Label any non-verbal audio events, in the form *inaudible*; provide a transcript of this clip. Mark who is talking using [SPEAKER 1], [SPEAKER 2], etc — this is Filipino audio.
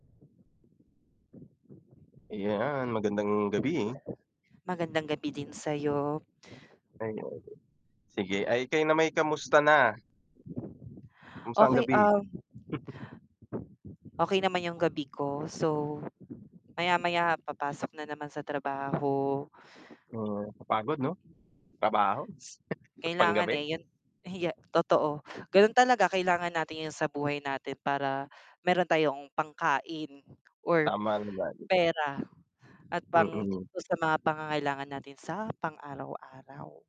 [SPEAKER 1] Ayan, magandang gabi.
[SPEAKER 2] Magandang gabi din sa'yo.
[SPEAKER 1] Ayan, Sige. Ay kayo nama'y kamusta na? Kumusta ang
[SPEAKER 2] Okey,
[SPEAKER 1] gabi?
[SPEAKER 2] ah
[SPEAKER 1] *chuckles*
[SPEAKER 2] Okey naman yung gabi ko, so maya-maya papasok na naman sa trabaho.
[SPEAKER 1] Mhm, kapagod 'no, trabaho, *chuckles*
[SPEAKER 2] Kailangan
[SPEAKER 1] panggabi?
[SPEAKER 2] eh, yun hige totoo, ganun talaga kailangan natin yun sa buhay natin para meron tayong pangkain or
[SPEAKER 1] Tama naman.
[SPEAKER 2] pera at pang
[SPEAKER 1] Mm.
[SPEAKER 2] dun sa mga pangangailangan natin sa pang-araw-araw